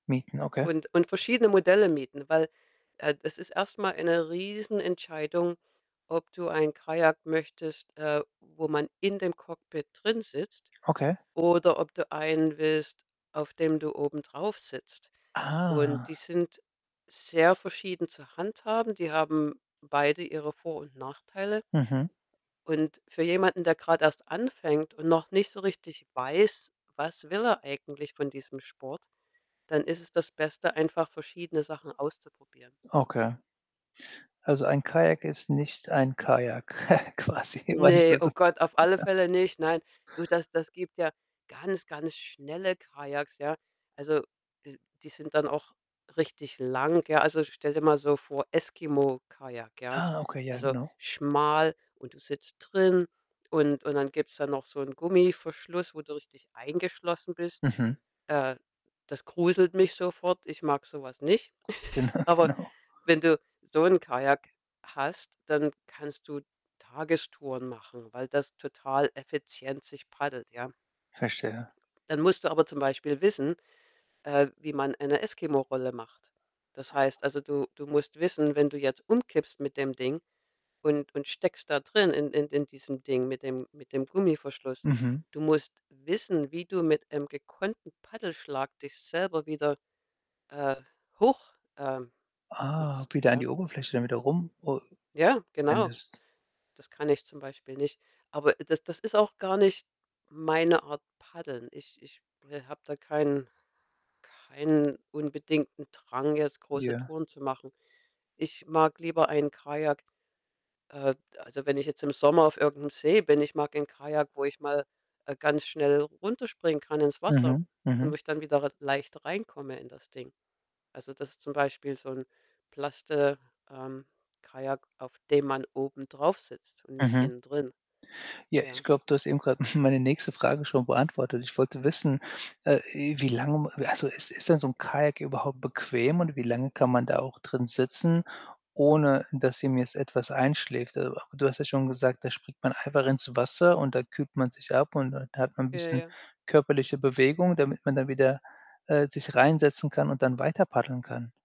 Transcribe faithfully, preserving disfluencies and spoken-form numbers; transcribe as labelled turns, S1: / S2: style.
S1: Mieten, okay.
S2: Und und verschiedene Modelle mieten. Weil, äh, das ist erst mal eine Riesenentscheidung, ob du ein Kajak möchtest, äh, wo man in dem Cockpit drinsitzt
S1: Okay.
S2: oder ob du einen willst, auf dem du obendrauf sitzt
S1: Ah.
S2: und die sind sehr verschieden zu handhaben. Die haben beide ihre Vor und Nachteile.
S1: Mhm.
S2: Und für jemanden, der grad erst anfängt und noch nicht so richtig weiß: Was will er eigentlich von diesem Sport, dann ist es das Beste, einfach verschiedene Sachen auszuprobieren.
S1: Okay. Also, ein Kajak ist nicht ein Kajak quasi, weißt du
S2: Ne, oh
S1: so?
S2: Gott, auf alle Fälle nicht, nein. Du, das das gibt ja ganz, ganz schnelle Kajaks, ja. Also, die die sind dann auch richtig lang, ja. Also, stell dir mal so vor, Eskimo-Kajak, ja.
S1: Ah, okay, ja,
S2: Also
S1: genau.
S2: schmal und du sitzt drin und und dann gibt's da noch so 'n Gummiverschluss, wo du richtig eingeschlossen bist.
S1: Mhm.
S2: Äh, das gruselt mich sofort. Ich mag so was nicht.
S1: Genau,
S2: Aber,
S1: genau.
S2: wenn du so 'n Kajak hast, dann kannst du Tagestouren machen, weil das total effizient sich paddelt, ja.
S1: Verstehe.
S2: Dann musst du aber zum Beispiel wissen, äh, wie man eine Eskimo-Rolle macht. Das heißt also, du du musst wissen, wenn du jetzt umkippst mit dem Ding und und steckst da drin in in in diesem Ding mit dem mit dem Gummiverschluss,
S1: Mhm.
S2: du musst wissen, wie du mit einem gekonnten Paddelschlag dich selber wieder, äh, hoch ähm,
S1: Ah,
S2: machst,
S1: wieder an
S2: ja?
S1: die Oberfläche, damit er rum, o
S2: Ja, genau.
S1: endest
S2: Das kann ich zum Beispiel nicht. Aber das das ist auch gar nicht meine Art Paddeln. Ich ich habe da keinen keinen unbedingten Drang, jetzt große
S1: Ja.
S2: Touren zu machen. Ich mag lieber ein Kajak äh, also, wenn ich jetzt im Sommer auf irgend 'nem See bin, ich mag ein Kajak, wo ich mal, äh, ganz schnell runterspringen kann, ins Wasser,
S1: Mhm.
S2: und
S1: Mhm.
S2: wo ich dann wieder r leicht reinkomme in das Ding. Also, das ist zum Beispiel so 'n plaste ähm, Kajak, auf dem man oben drauf sitzt und nicht
S1: Mhm.
S2: innen drin,
S1: Ja, ich
S2: ja?
S1: glaube, du hast eben grade meine nächste Frage schon beantwortet. Ich wollte wissen, äh, i wie lange m also ist ist denn so 'n Kajak überhaupt bequem und wie lange kann man da auch drin sitzen, ohne, dass ihm jetzt etwas einschläft? So, du hast ja schon gesagt, da springt man einfach ins Wasser und da kühlt man sich ab und dann hat man 'n
S2: Ja,
S1: bisschen
S2: ja.
S1: körperliche Bewegung, damit man dann wieder, äh, sich rein setzen kann und dann weiter paddeln kann.